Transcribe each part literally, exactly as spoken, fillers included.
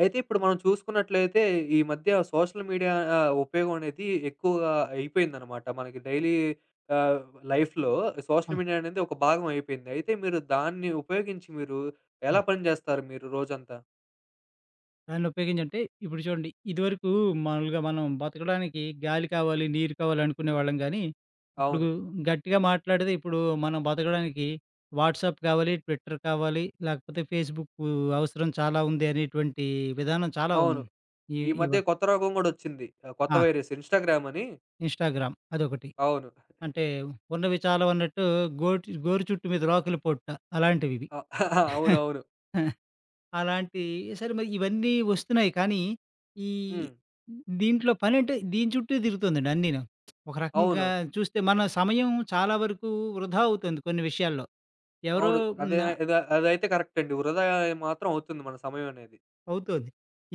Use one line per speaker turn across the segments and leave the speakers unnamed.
అయితే, ఇప్పుడు మనం చూసుకున్నట్లయితే, ఈ మధ్య సోషల్ మీడియా ఆహ్, ఉపయోగం అనేది ఎక్కువగా అయిపోయిందన్నమాట. మనకి డైలీ ఆహ్, లైఫ్‌లో
ఆ!
సోషల్ మీడియా అనేది ఒక భాగం అయిపోయింది. అయితే, మీరు దాన్ని ఉపయోగించి మీరు,
ఆ!
ఎలా పని చేస్తారు మీరు రోజంతా?
దాన్ని ఉపయోగించంటే, ఇప్పుడు చూడండి. ఇది వరకు మామూలుగా మనం బతకడానికి గాలి కావాలి, నీరు కావాలనుకునే వాళ్ళం గానీ, ఇప్పుడు
అవును.
గట్టిగా మాట్లాడితే ఇప్పుడు మనం బతకడానికి వాట్సాప్ కావాలి, ట్విట్టర్ కావాలి, లేకపోతే ఫేస్‌బుక్ అవసరం చాలా ఉంది అనేటువంటి విధానం చాలా ఉం
అవును.
ఈ
ఈ
ఇవ
మధ్య కొత్త రోగం గూడా ఒచ్చింది. ఆహ్, కొత్త
ఆ!
వైరస్ ఇన్‌స్టాగ్రామ్ అని.
ఇన్‌స్టాగ్రామ్ అదొకటి.
అవును.
అంటే, ఉన్నవి చాలవన్నట్టు, గోటి గోరు చుట్టు మీద రోకలి పొట్టా అలాంటివివి.
అ అవునవును.
అలాంటి సరే మరి ఇవన్నీ ఒస్తున్నాయి కానీ, ఈ
హ్మ్.
దీంట్లో పనంటే దీని చుట్టే తిరుగుతుందండి అన్నీను. ఒక రకంగా
అవును.
చూస్తే మన సమయం చాలా వరకు వృధా అవుతుంది కొన్ని విషయాల్లో. ఎవరో
అవును. అదే
హ్మ్ ఆ
అదే అదైతే కరెక్టండి. వృధా మాత్రం అవుతుంది మన సమయమనేది.
అవుతాది.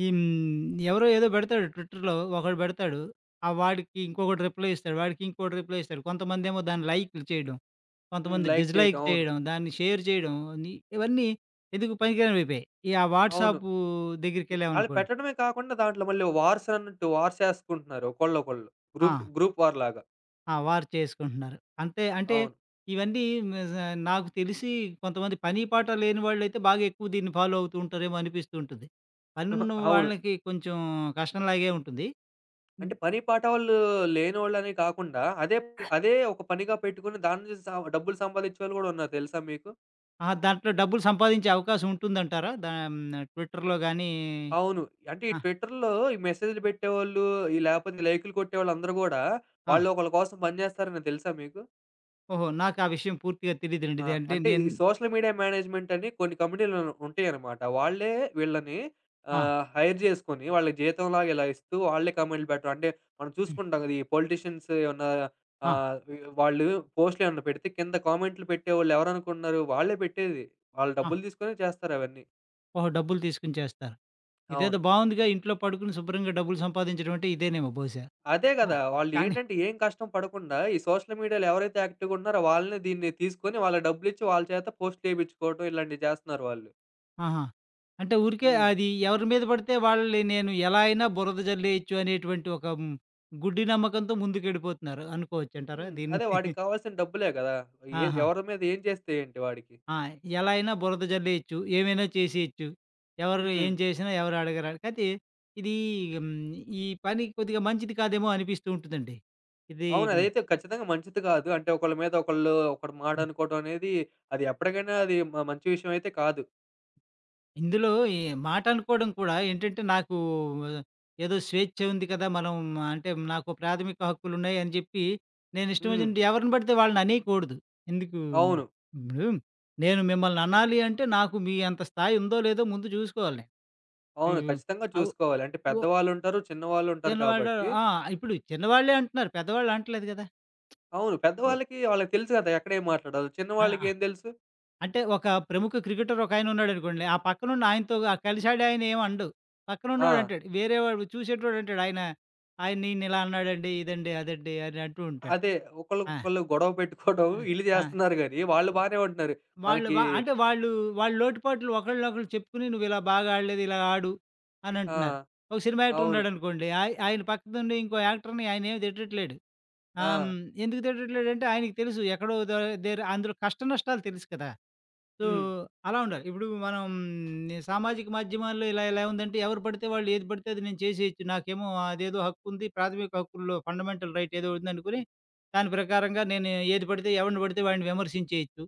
ఈ హ్మ్. ఎవరో ఏదో బెడతాడు ట్విట్టర్‌లో ఒకడు బెడతాడు ఆ వాడికి ఇంకొకడు రిప్లై ఇస్తాడు. వాడికి ఇంకొకడు రిప్లై ఇస్తాడు. కొంతమందేమో దాన్ని లైకులు చేయడం,
హ్మ్.
కొంతమంది
లైక్
డిజ్‌లైక్
చేయటం. అవును.
చేయడం. దాన్ని షేర్ జేయడం. ని ఇవన్నీ ఎందుకు పనికిరానివయిపోయాయి. ఈ ఆ
అవును.
వాట్సాపు
మె
దెగ్గరికెళ్ళాం
ఆళ్ళు
అనుకోండి
పెట్టడమే కాకుండా దాంట్లో మళ్ళీ వార్సన్నట్టు వార్స్ యేసుకుంటున్నారు. ఒకళ్ళు, ఒకళ్ళు గ్రూఫ్
ఆ!
గ్రూప్ వార్ లాగా.
ఆ! వారు చేసుకుంటున్నారు. అంతే అంటే
అవును.
ఇవన్నీ మిజ్ నాకు తెలిసి కొంతమంది పని పాట లేని వాళ్ళైతే బాగా ఎక్కువ దీన్ని ఫాలో అవుతూ ఉంటారేమో అనిపిస్తూ ఉంటది.
అహా!
పనున్న
అవును.
వాళ్ళకి కొంచెం కష్టం లాగే ఉంటుంది.
అంటే
హ్మ్
పని పాట వాళ్ళు లేనోళ్ళనే కాకుండా అదే ప్
ఆ!
అదే ఒక పనిగా పెట్టుకొని, దాన్నించి సా డబ్బులు సంపాదిచ్చే వాళ్ళు కూడా ఉన్నారు తెలుసా మీకు?
ఆ దాంట్లో డబ్బులు సంపాదించే అవకాశం ఉంటుందంటారా? దా హ్మ్. ట్విట్టర్‌లో గాని
అవును. అంటే ఈ
ఆ!
ట్విట్టర్‌లో ఈ మెసేజులు పెట్టేవొళ్ళు, ఈ లేపోతే లైక్‌లు కొట్టేవాళ్ళందరూ గూడా
ఆ!
వాళ్ళు ఒకళ్ళ కోసం పని జేస్తారని తెలుసా మీకు?
ఓహో! నాకా విషయం పూర్తిగా తెలియదండి.
ఆ!
ఇదంటే
అంటే ఈ
నేన్
సోషల్ మీడియా మేనేజ్‌మెంట్ అని కొన్ని కంపెనీలు ఉంటాయన్నమాట. వాళ్ళే వీళ్ళని
ఆ!
ఆహ్, హైర్ జేసుకొని వాళ్ళకి జీతం లాగా ఇలా ఇస్తూ వాళ్ళే కామెంటులు పెట్టడం. అంటే మనం
హ్మ్.
చూసుకుంటాం కదా ఈ పొలిటీషియన్స్ ఏమన్నా
ఆ!
ఆహ్, వాళ్ళు పోస్టులేమన్నా పెడితే కింద కామెంటులు పెట్టేవాళ్ళు ఎవరనుకుంటున్నారు? వాళ్ళే పెట్టేది. వాళ్ళు
ఆ!
డబ్బులు దీసుకొనే చేస్తారు అవన్నీ.
ఓహో! డబ్బులు తీసుకొని చేస్తారు. ఇదేదో
అవును.
బావుందిగా! ఇంట్లో పడుకుని శుభ్రంగా డబ్బులు సంపాదించడం అంటే, ఇదేనేమో బహుశా!
అదే కదా!
ఆ!
వాళ్ళు
కానీ
ఏంటంటే ఏం కష్టం పడకుండా, ఈ సోషల్ మీడియాలో ఎవరైతే యాక్టివ్‌గుంటున్నారో, వాళ్ళనే దీన్ని తీసుకొని, వాళ్ళకి డబ్బులిచ్చి, వాళ్ళ చేత పోస్ట్‌లేపించుకోవడం, ఇలాంటియి చేస్తున్నారు వాళ్ళు.
ఆహా! అంటే, ఊరికే
హ్మ్.
అది ఎవరి మీద పడితే వాళ్ళని నేను ఎలా అయినా బురద జల్లేయొచ్చు అనేటువంటి ఒక గుడ్డి నమ్మకంతో ముందుకెళ్ళిపోతున్నారు అనుకోవచ్చంటారా
హ్మ్.
దీన్ని?
అదే వాడికి కావాల్సిన డబ్బులే కదా! ఎ
ఆహా!
ఎవరి మీద ఏం చేస్తే ఏంటి వాడికి?
ఆ! ఎలా అయినా బురద జల్లేయొచ్చు, ఏమైనా చేసేయొచ్చు, ఎవరు
హ్మ్.
ఏం చేసినా ఎవరడగరని. కాపోతే, ఇదీ హ్మ్. ఈ పని కొద్దిగా మంచిది కాదేమో అనిపిస్తూ ఉంటుందండి. ఇది
అవును.
హ్మ్.
అదైతే ఖచ్చితంగా మంచిది కాదు. అంటే, ఒకళ్ళ మీద ఒకళ్ళు ఒకరు
హ్మ్.
మాటనుకోవడం అనేది, అది ఎప్పటికైనా అది మ మంచి విషయం అయితే కాదు.
ఇందులో ఈ మాటనుకోడం కూడా ఏంటంటే, నాకు ఏదో స్వేచ్ఛ ఉంది కదా! మనం అంటే, నాకు ప్రాథమిక హక్కులున్నాయని చెప్పి, నేనిష్టం
హ్మ్.
ఒచ్చినట్టు ఎవరిని పడితే వాళ్ళననేయకూడదు. ఎందుకు
అవును.
ఇప్పుడు నేను మిమ్మల్ననాలి అంటే, నాకు మీ అంత స్థాయుందో లేదో ముందు చూసుకోవాలి.
అవును.
హ్మ్. హ్మ్.
ఖచ్చితంగా
అవు
చూసుకోవాలి. అంటే,
వో
పెద్దవాళ్ళుంటారు. చిన్నవాళ్ళుంటారు
చిన్నవాళ్ళు
కాబట్టి
ఆ! ఇప్పుడు చిన్నవాళ్లే అంటున్నారు. పెద్దవాళ్ళనటం లేదు కదా!
అవును.
ఓ
పెద్దవాళ్ళకి వాళ్ళకి తెలుసు కదా! ఎక్కడేం మాట్లాడాలో.
ఆహ్, ఆ!
చిన్నవాళ్ళకేం తెలుసు?
అంటే, ఒక ప్రముఖ క్రికెటర్ ఒకాయనున్నాడనుకోండి. ఆ పక్కనున్నాయనతో కలిసాడు. ఆయనేం అనడు.
ఆ!
పక్కనున్నోడంటాడు. వేరే వాడు, చూసేటోడంటాడు. ఆయన, ఆయన నిన్నిలా అన్నాడండి. ఇదండి, అదండి అనంటూ ఉంటాడు.
అదే.
ఆ!
ఒకళ్ళకొకళ్ళు గొడవ పెట్టుకోవడం
ఆ!
వీళ్ళు
ఆ!
చేస్తున్నారు గాని, వాళ్ళు బానే ఉంటున్నారు.
ఒ వాళ్ళు
మనకి
వ అంటే వాళ్ళు వాళ్ళ లోటుపాట్లు ఒకళ్ళనొకళ్ళు చెప్పుకొని, నువ్విలా బాగా ఆడలేదు. ఇలా ఆడు అనంటున్నారు.
ఆ!
ఒక సినిమా యాక్టర్
అవును.
ఉన్నాడనుకోండి. ఆయ్ ఆయన పక్కనుండి ఇంకో యాక్టర్‌ని ఆయనేమి తిట్టట్లేడు. ఆహ్, హ్మ్.
ఆ!
ఎందుకు తిట్టట్లేడంటే ఆయనకి తెలుసు. ఎక్కడో దర్ దగ్గర అందులో కష్ట నష్టాలు తెలుసు కదా! సో,
హ్మ్.
అలా ఉండాలి. ఇప్పుడు మనం సామాజిక మాధ్యమాల్లో ఇలా ఎలా ఉందంటే ఎవరు పడితే వాళ్ళు, ఏది పడితే అది, నేను చేసేయొచ్చు. నాకేమో అదేదో హక్కుంది. ప్రాథమిక హక్కుల్లో ఫండమెంటల్ రైట్ ఏదో ఉందనుకొని, దాని ప్రకారంగా నేను ఏది పడితే ఎవడిని పడితే వాడిని విమర్శించేయొచ్చు.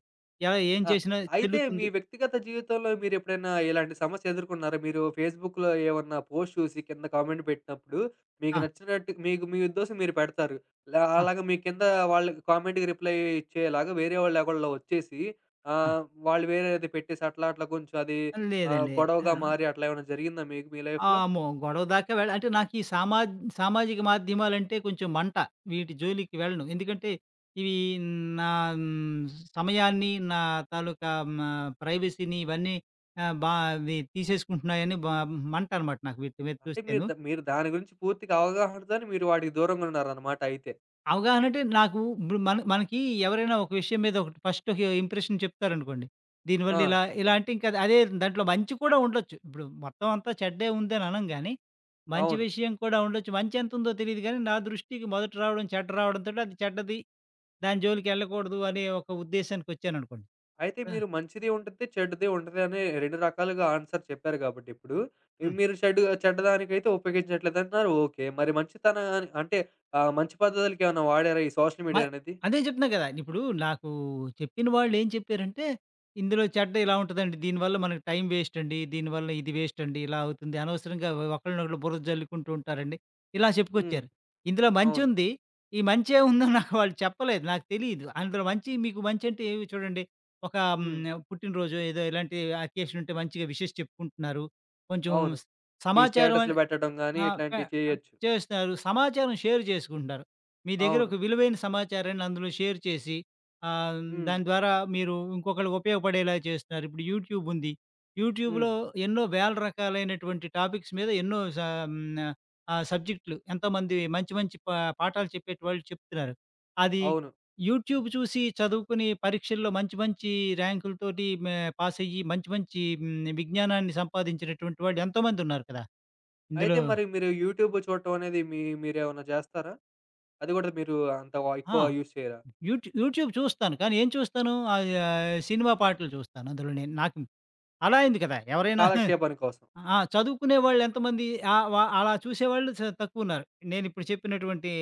ఎలా ఏం
ఆ!
చేసినా
అయితే, మీ
చెల్లుతుంది
వ్యక్తిగత జీవితంలో మీరెప్పుడైనా ఇలాంటి సమస్యెదుర్కున్నారా? మీరు ఫేస్‌బుక్‌లో ఏమన్నా పోస్ట్ చూసి కింద కామెంట్ పెట్టినప్పుడు, మీకు
ఆ!
నచ్చినట్టు, మీకు మీ ఉద్దేశం మీరు పెడతారు. ల
ఆ!
అలాగ మీ కింద వాళ్ళకి కామెంట్‌కి రిప్లై ఇచ్చేలాగా వేరే వాళ్ళేవళ్లో ఒచ్చేసి,
ఆ!
ఆహ్, వాళ్ళు వేరేది పెట్టేసి, అట్లా, అట్లా కొంచెం అది ఆహ్,
లేదండి.
గొడవగా
ఆహ్
మారి, అట్లా ఏమన్నా జరిగిందా మీకు మీ
ఆ!
లైఫ్‌లో?
ఆమ్మో! గొడవ దాకా వెళ్ అంటే, నాకీ సామా సామాజిక మాధ్యమాలంటే కొంచెం మంట. వీటి జోలికి వెళ్ళను. ఎందుకంటే, ఇవి నా సమయాన్ని, నా తాలూకా మ ప్రైవసీని ఇవన్నీ ఆహ్, బా వి తీసేసుకుంటున్నాయని బ మంట అనమాట నాకు వీటి మీద
అంటే, మీరు
చూస్తేను.
ద మీరు దాని గురించి పూర్తిగా అవగాహనతోని మీరు వాటికి దూరంగున్నారన్నమాట అయితే.
అవగాహనంటే నాకు ఇప్పుడు మన మనకీ ఎవరైనా ఒక విషయం మీద ఒకటి ఫస్ట్ హి ఒక ఇంప్రెషన్ చెప్తారనుకోండి. దీనివల్ల
ఆ!
ఇలా, ఇలా అంటే, ఇంకా అదే దాంట్లో మంచి కూడా ఉండొచ్చు. ఇప్పుడు మొత్తం అంతా చెడ్డే ఉందని అనంగాని, మంచి
అవును.
విషయం కూడా ఉండొచ్చు. మంచెంతుందో తెలీదు గాని, నా దృష్టికి మొదట రావడం చెడ్డ రావడం తోటి అది చెడ్డది. దాని జోలికెళ్ళకూడదు అనే ఒక ఉద్దేశానికొచ్చాననుకోండి.
అయితే
ఆ!
మీరు మంచిదీ ఉండిద్ది, చెడ్డదీ ఉంటది అనే రెండు రకాలుగా ఆన్సర్ చెప్పారు కాబట్టిప్పుడు. ఆ
హ్మ్.
మీరు షెడ్ చెడ్డదానికైతే ఉపయోగించట్లేదంటున్నారు ఓకే. మరి మంచితన అంటే ఆహ్, మంచి పద్ధతులకి ఏవన్నా వాడారా ఈ సోషల్
మ
మీడియా అనేది?
అదే జెప్తున్నా గదా! ఇప్పుడు నాకు చెప్పిన వాళ్ళేం చెప్పారంటే, "ఇందులో చెడ్డ ఇలా ఉంటదండి. దీని వల్ల మనకి టైం వేస్టండి. దీని వల్ల ఇది వేస్టండి ఇలా అవుతుంది. అనవసరంగా ఒకలునొకళ్ళు బురద జల్లుకుంటుంటారండి." ఇలా
హ్మ్.
చెప్పుకొచ్చారు. ఇందులో
అవును.
మంచుంది, ఈ మంచే ఉందని నాకు వాళ్ళు చెప్పలేదు. నాకు తెలీదు. అందులో మంచి మీకు మంచంటే, ఏవి చూడండి, ఒక హ్మ్.
హ్మ్.
పుట్టినరోజో ఏదో ఇలాంటి అకేషన్ ఉంటే మంచిగా విషెస్ చెప్పుకుంటున్నారు, కొంచెం
అవును. ఈ
సమాచారం
స్టేటసులు
అని
బెట్టడం గాని
ఆ కా
ఇట్లాంటియి చేయొచ్చు.
చేస్తారు సమాచారం షేర్ జేసుకుంటున్నారు. మీ దెగ్గర
అవును.
ఒక విలువైన సమాచారాన్ని అందులో షేర్ చేసి, ఆహ్, దాని
హ్మ్.
ద్వారా మీరు ఇంకొకళ్ళకి ఉపయోగపడేలా జేస్తున్నారు. ఇప్పుడు యూట్యూబ్ ఉంది, యూట్యూబ్‌లో
హ్మ్.
ఎన్నో వేల రకాలైనటువంటి టాపిక్స్ మీద ఎన్నో స ఆహ్, సబ్జెక్టులు ఎంతోమంది మంచి మంచి ప పాఠాలు చెప్పేటి వాళ్ళు చెప్తున్నారు. అది
అవును.
యూట్యూబ్ చూసి, చదువుకుని పరీక్షల్లో మంచి మంచి ర్యాంకుల తోటి, మ పాసయ్యి మంచి మంచి, హ్మ్. విజ్ఞానాన్ని సంపాదించినటువంటి వాళ్ళు ఎంతోమంది ఉన్నారు కదా!
అయితే
ఇందులో
మరి మీరు యూట్యూబ్ చూట్టం అనేది, మీ మీరేమన్నా జేస్తారా? అది గూడా మీరు అంత వ
ఆ!
ఎక్కువ యూజ్ చేయరా?
యూట్యూ యూట్యూబ్ చూస్తాను. కానీ ఏం చూస్తాను, ఆహ్, ఆ సినిమా పాటలు చూస్తాను అందులో నేను. నాకు అలా అయింది కదా! ఎవరైనా
కాలక్షేపానికోసం.
ఆ చదువుకునే వాళ్ళెంతమంది, ఆ వ అలా చూసేవాళ్ళు చ తక్కువున్నారు. నేనిప్పుడు చెప్పినటువంటి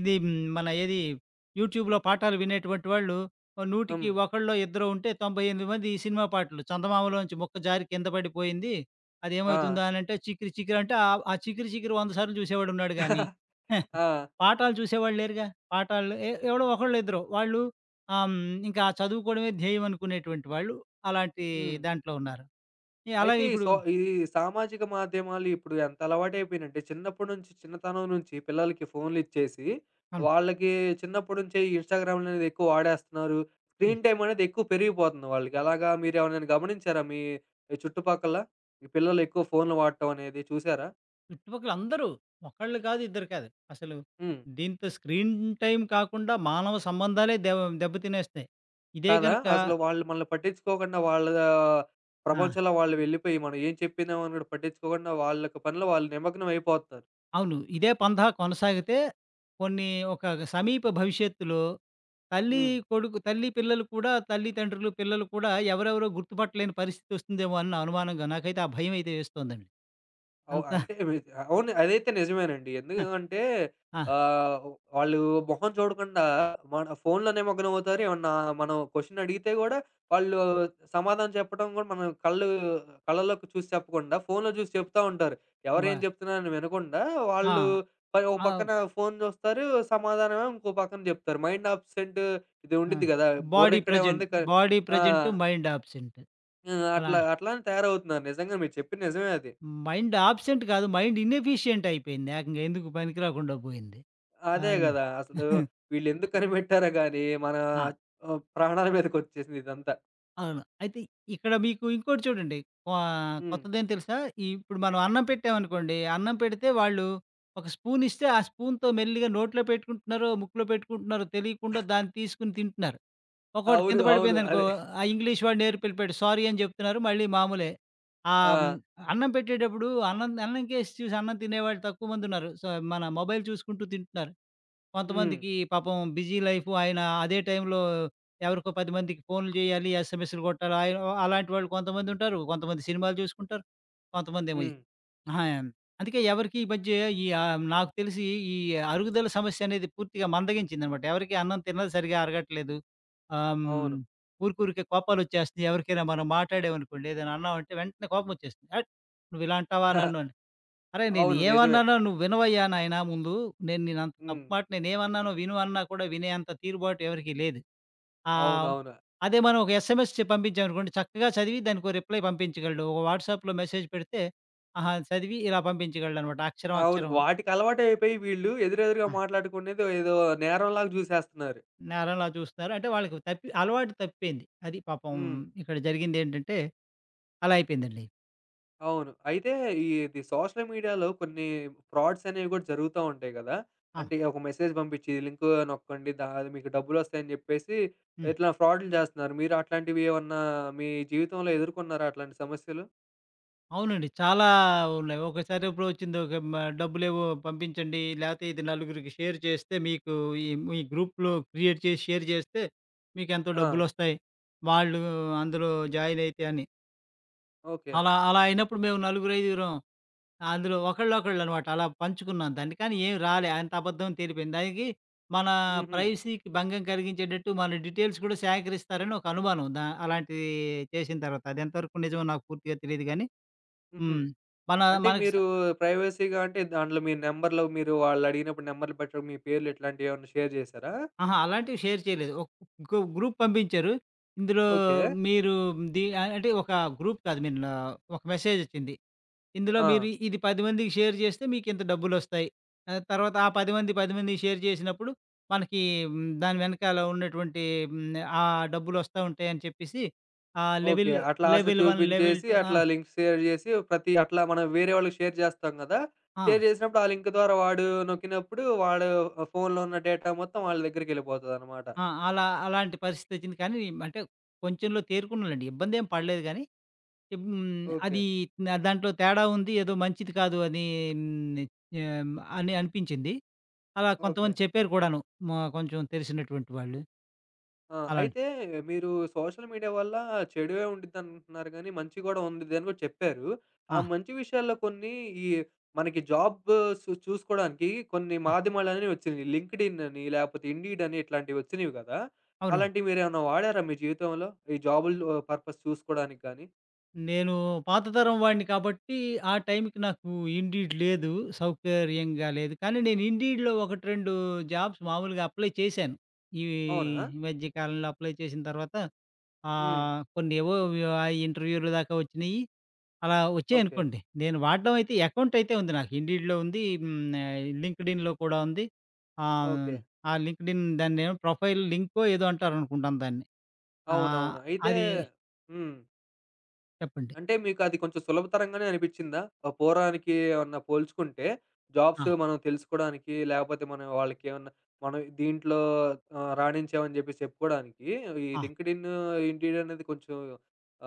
ఇది మన ఏది యూట్యూబ్‌లో పాఠాలు వినేటువంటి వాళ్ళు, ఓ నూటికి
హ్మ్.
ఒకలో, ఇద్దరో ఉంటే తొంభై ఎనిమిది మంది ఈ సినిమా పాటలు చందమామలో నుంచి ముక్క జారి కింద పడిపోయింది. అది
ఆ!
ఏమవుతుందా అని అంటే, 'చికిరి చికిరి' అంటే ఆ ఆ 'చికిరి చికిరి' వంద సార్లు చూసేవాడు ఉన్నాడు గాని,
ఆ!
పాఠాలు చూసేవాళ్ళేరుగా. పాఠాలు ఎ ఎవరో ఒకళ్ళు ఇద్దరొ. వాళ్ళు ఆహ్, ఇంకా చదువుకోవడమే ధ్యేయం అనుకునేటటువంటి వాళ్ళు, అలాంటి
హ్మ్.
దాంట్లో ఉన్నారు.
అయితే
అలాగే
ఈ
ఇప్పుడు
సో ఈ ఈ సామాజిక మాధ్యమాలు ఇప్పుడు ఎంత అలవాటయిపోయినయంటే, చిన్నప్పడినుంచి చిన్నతనం నుంచి పిల్లలకి ఫోనులిచ్చేసి,
అవును.
వాళ్ళకి చిన్నప్పటి నుంచే ఇన్‌స్టాగ్రాములనేవి ఎక్కువ వాడేస్తన్నారు.
హ్మ్.
స్క్రీన్‌టైమ్ అనేది ఎక్కువ పెరిగిపోతుంది వాళ్ళకి. అలాగా మీరెవరినైనా గమనించారా? మీ చుట్టుపక్కల? పిల్లలెక్కువ ఫోనులు వాట్టమనేది చూసారా?
చుట్టుపక్కల అందరూ. ఒకళ్ళు కాదు, ఇద్దరు కాదు. అసలు,
హ్మ్.
దీంతో స్క్రీన్ టైమ్ కాకుండా, మానవ సంబంధాలే దె దెబ్బ తినేస్తున్నాయి. ఇదే
కాదా?
గనక
అసలు వాళ్ళు మనల్ని పట్టించుకోకుండా, వాళ్ళా
ఆ!
ప్రపంచంలో వాళ్ళు వెళ్ళిపోయి, మనం ఏం చెప్పినామని కూడా పట్టించుకోకుండా, వాళ్ళకి పనులో, వాళ్ళు నిమగ్నమైపోతారు.
అవును. ఇదే పందా కొనసాగితే కొన్నీ ఒక సమీప భవిష్యత్తులో, తల్లీ,
హ్మ్.
కొడుకు తల్లి, పిల్లలు కూడా తల్లితండ్రులు, పిల్లలు కూడా ఎవరెవరో గుర్తుపట్టలేని పరిస్థితొస్తుందేమో అన్న అనుమానంగా నాకైతే ఆ భయం అయితే వేస్తోందండి.
అవు
అంత
అంటే, వి అవును. అదైతే నిజమేనండి. ఎందుకూ
అ
అంటే
ఆ!
ఆహ్, వాళ్ళు మొహం చూడకుండా, మన ఫోనులో నిమగ్నమవుతారు. ఏమన్నా మనం క్వెషనడిగితే కూడా వాళ్ళు సమాధానం చెప్పడం కూడా మనం కళ్ళు కళ్ళలోకి చూసి చెప్పకుండా, ఫోనులో చూసి చెప్తా ఉంటారు. ఎవరేం
కుబా
చెప్తున్నారని వినకుండా,
ఆ!
వాళ్ళు మరో పక్కన
అవు
ఫోను చూస్తారు, సమాధానమేమో ఇంకో పక్కన చెప్తారు. మైండ్ అబ్సెంట్ ఇది
ఆ!
ఉండిద్ది కదా!
బాడీ
బుర్రిక్కడే
ప్రెజెంట్,
ఉంది, కా
బాడీ
ఆ!
Present, mind absent.
ఆ!
అలా
అట్లా, అట్లానే తయారవుతున్నారు. నిజంగా, మీరు చెప్పింది నిజమే అది.
మైండ్ అబ్సెంట్ కాదు, మైండ్ ఇనెఫిషియంటయిపోయింది. ఏకంగా, ఎందుకు పనికి రాకుండా పోయింది. ఆ!
అదే గదా! అసలు వీళ్లెందుకు కనిపెట్టారో గాని, మన
ఆ!
ఆహ్, ప్రాణాల మీదకొచ్చేసిందిదంతా.
అవును. అయితే, ఇక్కడ మీకు ఇంకోటి చూడండి కొ
హ్మ్.
కొత్తదేంటి తెలుసా? ఇప్పుడు మనం అన్నం పెట్టామనుకోండి, అన్నం పెడితే వాళ్ళు ఒక స్పూన్ ఇస్తే ఆ స్పూన్‌తో మెల్లిగా నోట్లో పెట్టుకుంటున్నారో, ముక్కులో పెట్టుకుంటున్నారో, తెలియకుండా దాన్ని తీసుకొని తింటున్నారు. ఒక్కోటి
అవును.
కింద
అవును.
పడిపోయిందనుకో,
అదే.
ఆ ఇంగ్లీష్ ఇంగ్లీష్ వాడు నేర్పి ఎళ్లిపోయాడు సారీ అని జెప్తున్నారు, మళ్ళీ మామూలే. ఆహ్, హ్మ్.
ఆ!
అన్నం పెట్టేటప్పుడు అన్నం‌ది అన్నంకేసి చూసి అన్నం తినేవాళ్ళు తక్కువ మందుంన్నారు. సో, మన మొబైల్ చూసుకుంటూ తింటున్నారు.
హ్మ్.
కొంతమందికి పాపం బిజీ లైఫు ఆయన అదే టైంలో ఎవరికో పది మందికి ఫోనులు జేయాలి, ఎస్ఎంఎస్‌లు గొట్టాలి అయ్యో! అలాంటి వాళ్ళు కొంతమందుంటారు, కొంతమంది సినిమాలు జూసుకుంటారు, కొంతమందేమో ఈ
హ్మ్.
అహ అందుకే ఎవరికి ఈ మధ్య ఈ ఆహ్, నాకు తెలిసి ఈ అరుగుదల సమస్య అనేది పూర్తిగా మందగించిందన్నమాట. ఎవరికీ అన్నం తిన్నది సరిగ్గా అరగట్లేదు. ఆహ్, హ్మ్.
అవును.
ఊరికి ఊరికే కోపాలు వచ్చేస్తున్నాయి. ఎవరికైనా మనం మాట్లాడాం అనుకోండి, ఏదైనా అన్నామంటే వెంటనే కోపమొచ్చేస్తుంది. "అట్! నువ్విలా అంటావా నన్ను" అని. "అరె! నేను
అవును. నిజమే.
ఏవన్నానో నువ్వు వినవయ్యా నాయన ముందు, నేను నిన్నంత తప్పు
హ్మ్.
మాట నేనేవన్నానో విను" అన్నా కూడా వినేంత తీరుబాటు ఎవరికీ లేదు. ఆ!
అవునవును.
అదే మనం ఒక ఎస్ఎంఎస్ చెప్పి పంపించాం అనుకోండి, చక్కగా చదివి దానికో రిప్లై పంపించగలడు. ఒక వాట్సాప్‌లో మెసేజ్ పెడితే, ఆహా! చదివి, ఇలా పంపించగలడనమాట అక్షరం
అవును.
అక్షరమూను.
వాటికి అలవాటయిపోయి వీళ్ళు, ఎదురెదురుగా
ఆ!
మాట్లాడుకునేది ఏదో నేరం లాగా జూసేస్తున్నారు.
నేరంలా చూస్తున్నారు. అంటే, వాళ్ళకి తప్పి అలవాటు తప్పిపోయింది. అది పాపం
హ్మ్.
ఇక్కడ జరిగిందేంటంటే, అలా అయిపోయిందండి.
అవును. అయితే ఈది సోషల్ మీడియాలో కొన్ని ఫ్రాడ్స్ అనేవి కూడా జరుగుతా ఉంటాయి కదా!
అవును.
అంటే ఒక మెసేజ్ పంపించి లింకు నొక్కండి అది మీకు డబ్బులొస్తాయి అని చెప్పేసి
హ్మ్.
ఇట్లా ఫ్రాడ్‌లు చేస్తున్నారు. మీరు అట్లాంటివేమన్నా మీ జీవితంలో ఎదుర్కొన్నారా అట్లాంటి సమస్యలు?
అవునండి. చాలా ఉన్నాయి. ఒకసారెప్పుడు వచ్చింది మ డబ్బులేవో పంపించండి లేతే ఇది నలుగురికి షేర్ చేస్తే మీకు ఈ మీ గ్రూప్‌లో క్రియేట్ చేసి షేర్ చేస్తే మీకేంతో
ఆ!
డబ్బులొస్తాయి. వాళ్ళు అందులో జాయినైతే అని.
ఓకే.
అలా, అలా అయినప్పుడు మేము నలుగురు ఐదుగురం అందులో ఒకళ్ళొకళ్ళనమాట అలా పంచుకున్నాం దాన్ని. కానీ ఏం రాలే. అంత అబద్ధం తేలిపోయింది. దానికి మన
హుహు.
ప్రైవసీకి భంగం కలిగించేటట్టు మన డీటెయిల్స్ కూడా సేకరిస్తారని ఒక అనుమానం. దా అలాంటివి చేసిన తర్వాత అది ఎంతవరకు నిజమో నాకు పూర్తిగా తెలీదు గానీ,
హుహు.
హ్మ్. మన
అంటే,
మనకి స
మీరు ప్రైవసీగా, అంటే, దాంట్లో మీ నంబర్‌లు మీరు వాళ్ళడిగినప్పుడు నంబర్‌లు పెట్టడం మీ పేర్లు ఇట్లాంటియేమైనా షేర్ చేసారా?
ఆహా! అలాంటివి షేర్ చేయలేదు. ఒక గ్రూప్ పంపించారు ఇందులో
ఓకే.
మీరు ఇది అంటే, ఒక గ్రూప్ కాదు నిన్న ఒక మెసేజ్ వచ్చింది ఇందులో మీరు
ఆ!
ఇది పది మందికి షేర్ చేస్తే మీకింత డబ్బులొస్తాయి, తర్వాత ఆ పది పది మందికి షేర్ చేసినప్పుడు మనకి దాని వెనకాల ఉన్నటువంటి ఆహ్, ఆ డబ్బులొస్తా ఉంటాయని చెప్పేసి ఆ
ఓకే.
లెవెల్,
అట్లా ఆశ
లెవెల్ వన్ లెవెల్
చూపించేసి
టూ ఆ!
అట్లా లింక్ షేర్ చేసి ప్రతి అట్లా మన వేరే వాళ్ళకి షేర్ చేస్తాం కదా!
ఆ!
షేర్ చేసినప్పుడు ఆ లింక్ ద్వారా వాడు నొక్కినప్పుడు వాడు ఫోన్‌లో ఉన్న డేటా మొత్తం వాళ్ళ దగ్గరికెళ్ళిపోతాదన్నమాట.
ఆ! అలా అలాంటి పరిస్థితొచ్చింది కానీ, అంటే కొంచెంలో తేరుకున్నలెండి ఇబ్బందేం పడలేదు గానీ హ్మ్.
ఓకే.
అది అ దాంట్లో తేడా ఉంది ఏదో మంచిది కాదు అని. నే హ్మ్. అని అనిపించింది. అలా కొంతమంది
ఓకే.
చెప్పారు కూడాను, మ కొంచెం తెలిసినటువంటి వాళ్ళు.
ఆ!
అలాంటి
అయితే మీరు సోషల్ మీడియా వల్ల చెడువే ఉంటదనుకుంటున్నారు కానీ, మంచి కూడా ఉండుద్దని కూడా చెప్పారు. ఆ
ఆ!
మంచి విషయాల్లో కొన్ని ఈ మనకి జాబు సు చూసుకోవడానికి కొన్ని
హ్మ్.
మాధ్యమాలనేవి వచ్చినాయి. 'లింక్డిన్' అని లేకపోతే 'ఇండీడ్' అని ఇట్లాంటివి వచ్చినయి కదా!
అవునండి.
అలాంటివి మీరేమైనా వాడారా మీ జీవితంలో? ఈ జాబులు పర్పస్ చూసుకోవడానికి గాని?
నేను పాత తరం వాడిని కాబట్టి, ఆ టైంకి నాకు ఇన్‌డీడ్ లేదు. సౌకర్యంగా లేదు. కానీ, నేను ఇన్‌డీడ్‌లో ఒకటి రెండు జాబ్స్ మామూలుగా అప్లై చేశాను. ఈ
అవునా?
మధ్య కాలంలో అప్లై చేసిన తర్వాత
హ్మ్.
ఆహ్, కొన్నేవో ఆహ్, ఇంటర్వ్యూలు దాకా వచ్చినయి. అలా
ఓకే.
వచ్చాయనుకోండి. నేను వాడ్డం అయితే అకౌంట్ అయితే ఉంది నాకు ఇన్‌డీడ్‌లో ఉంది, హ్మ్ ఆహ్, లింక్డ్‌ఇన్‌లో కూడా ఉంది. ఆ!
ఓకే.
ఆ లింక్డ్‌ఇన్ దాన్నేమో ప్రొఫైల్ లింకో ఏదో అంటారనుకుంటాను దాన్ని. ఆ!
అవునవును. అయితే
అది
హ్మ్.
చెప్పండి.
అంటే, మీకు అది కొంచెం సులభతరంగానే అనిపిచ్చిందా? ఆ పోరానికి ఏమన్నా పోల్చుకుంటే జాబ్సు
ఆ!
మనం తెలుసుకోడానికి, లేపోతే మనం వాళ్ళకేవన్నా మనం దీంట్లో ఆ! రాణించాం అని జెప్పేసి చెప్పుకోడానికి ఈ
ఆ!
లింక్డిన్, ఇన్‌డీడ్ అనేది కొంచెం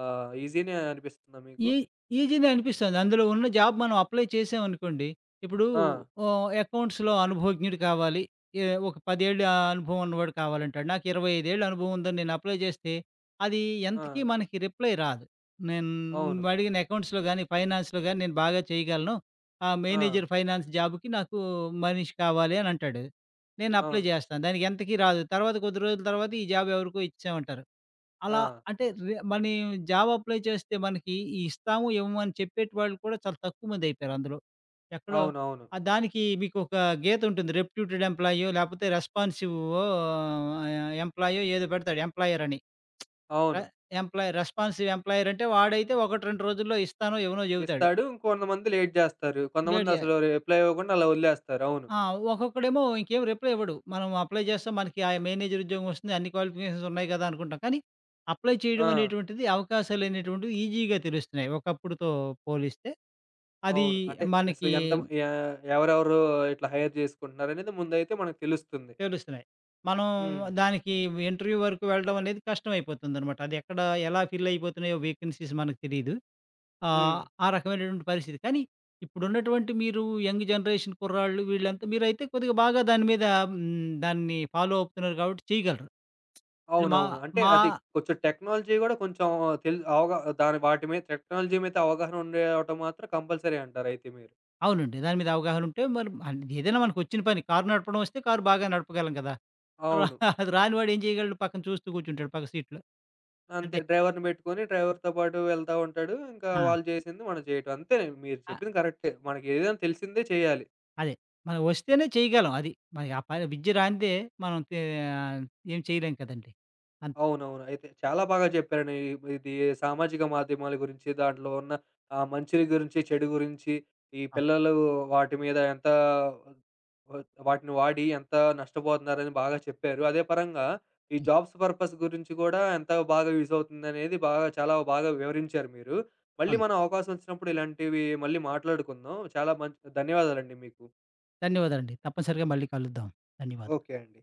ఆహ్, ఈజీనే అనిపిస్తుందా మీకు?
ఈ ఈజీనే అనిపిస్తుంది. అందులో ఉన్న జాబ్ మనం అప్లై చేశాం అనుకోండి. ఇప్పుడు
ఆ!
ఆహ్, అకౌంట్స్‌లో అనుభవజ్ఞుడు కావాలి. ఈ ఒక పదేళ్ళ అనుభవం ఉన్నవాడు కావాలంటాడు. నాకు ఇరవై ఐదు ఏళ్ల అనుభవం ఉందని నేను అప్లై జేస్తే అది ఎంతకీ
ఆ!
మనకి రిప్లై రాదు. నేను
అవును.
నువ్వడిగిన అకౌంట్స్‌లో గానీ, ఫైనాన్స్‌లో గానీ, నేను బాగా చేయగలను. ఆ!
ఆ!
మేనేజర్ ఫైనాన్స్ జాబ్‌కి నాకు మనిషి కావాలి అనంటాడు. నేను అప్లై
అవును.
జేస్తాను. దానికెంతకీ రాదు. తర్వాత కొద్ది రోజుల తర్వాత ఈ జాబ్ ఎవరికో ఇచ్చామంటారు. అలా
ఆ!
అంటే, రే మనం జాబ్ అప్లై చేస్తే మనకి ఇస్తాము ఇవ్వము అని చెప్పేటివాళ్ళు కూడా చాలా తక్కువ మందయిపోయారందులో. ఎక్కడో
అవునవును.
ఆ దానికి మీకొక గీత ఉంటుంది, రెప్యూటెడ్ ఎంప్లాయో లేకపోతే రెస్పాన్సివ్ ఆహ్, ఎంప్లాయో ఏదో పెడతాడు ఎంప్లాయర్ అని. ఆ!
అవును.
ఎంప్లాయీ రెస్పాన్సివ్ ఎంప్లాయర్ అంటే వాడైతే ఒకటి రెండు రోజుల్లో ఇస్తానో, ఇవ్వనో, చెబుతాడు.
ఇస్తాడు. కొంతమంది లేట్ జేస్తారు.
లేట్ జే
కొంతమందసలు రిప్లై ఇవ్వకుండా అలా ఒదిలేస్తారు. అవును.
ఆ! ఒక్కొక్కడేమో ఇంకేం రిప్లై ఇవ్వడు. మనం అప్లై జేస్తే మనకి ఆ మేనేజర్ ఉద్యోగం వస్తుంది. అన్ని క్వాలిఫికేషన్స్ ఉన్నాయి గదా! అనుకుంటాం. కానీ, అప్లై చేయడం
ఆ!
అనేటువంటిది అవకాశాలనేటువంటివి ఈజీగా తెలుస్తున్నాయి ఒకప్పుడుతో పోలిస్తే. అదీ
అవును. అంటే, అసలు
మనకి
ఎంతము యా ఎవరెవరు ఇట్లా హైర్ జేసుకుంటున్నారనేది ముందైతే మనకు తెలుస్తుంది.
తెలుస్తున్నాయి. మనం
హ్మ్.
దానికి ఇంటర్యూ వరుకు వెళ్ళడం అనేది కష్టమై పోతుందనమాట. అదెక్కడ ఎలా ఫిల్ అయిపోతున్నాయో వేకన్సీస్ మనకి తెలీదు. ఆ!
హ్మ్.
ఆ రకమైనటువంటి పరిస్థితి. కానీ, ఇప్పుడున్నటువంటి మీరు యంగ్ జనరేషన్ కుర్రాళ్ళు వీళ్లంతా మీరైతే కొద్దిగా బాగా దీని మీద హూ, దాన్ని ఫాలో అవుతున్నారు గాబట్టి చేయగలరు. మా
అవునవును. అంటే,
మా
అది కొంచెం టెక్నాలజీ గూడా కొంచెం తెలి అవగా దాని వాటి మీద టెక్నాలజీ మీద అవగాహన ఉండటం మాత్రం కంపల్సరీ అంటారయితే మీరు?
అవునండి. దాని మీద అవగాహనుంటే మనం అంటే ఏదైనా మనకొ చ్చిన పని, కార్ నడపడం వస్తే కార్ బాగా నడపగలం గదా!
అవును.
అది రాని వాడేం చేయగలడు? పక్కన చూస్తూ కూర్చుంటాడు పక్క సీట్‌లో.
అంతే.
అంతే.
డ్రైవర్‌ని బెట్టుకొని, డ్రైవర్‌తో పాటు వెళ్తా ఉంటాడు. ఇంకా
ఆ!
వాళ్ళు చేసింది మనం చేయటం అంతే. మీరు
అహ్,
చెప్పింది కరెక్టే. మనకేదైనా తెలిసిందే చెయ్యాలి.
అదే. మనం ఒస్తేనే చేయగలం అది. మనకి ఆ పైన విద్య రానిదే మనం తే ఏం చేయలేము కదండి! అన్
అవునవును. అయితే చాలా బాగా జెప్పారండి. ఇప్పుడిది సామాజిక మాధ్యమాల గురించి, దాంట్లో ఉన్న ఆ మంచిని గురించి, చెడు గురించి, ఈ
ఆ!
పిల్లలు వాటిమీద ఎంత వాటిని వాడి ఎంత నష్టపోతున్నారని బాగా చెప్పారు. అదే పరంగా ఈ
హ్మ్.
జాబ్స్ పర్పస్ గురించి గూడా ఎంత బాగా యూజ్ అవుతుందనేది బాగా చాలా బాగా వివరించారు మీరు. మళ్ళీ
అవును.
మనం అవకాశం వచ్చినప్పుడు ఇలాంటివి మళ్ళీ మాట్లాడుకుందాం. చాలా మంచి ధన్యవాదాలండి మీకు.
ధన్యవాదాలండి. తప్పనిసరిగా మళ్ళీ కలుద్దాం. ధన్యవాదాలు.
ఓకే అండి.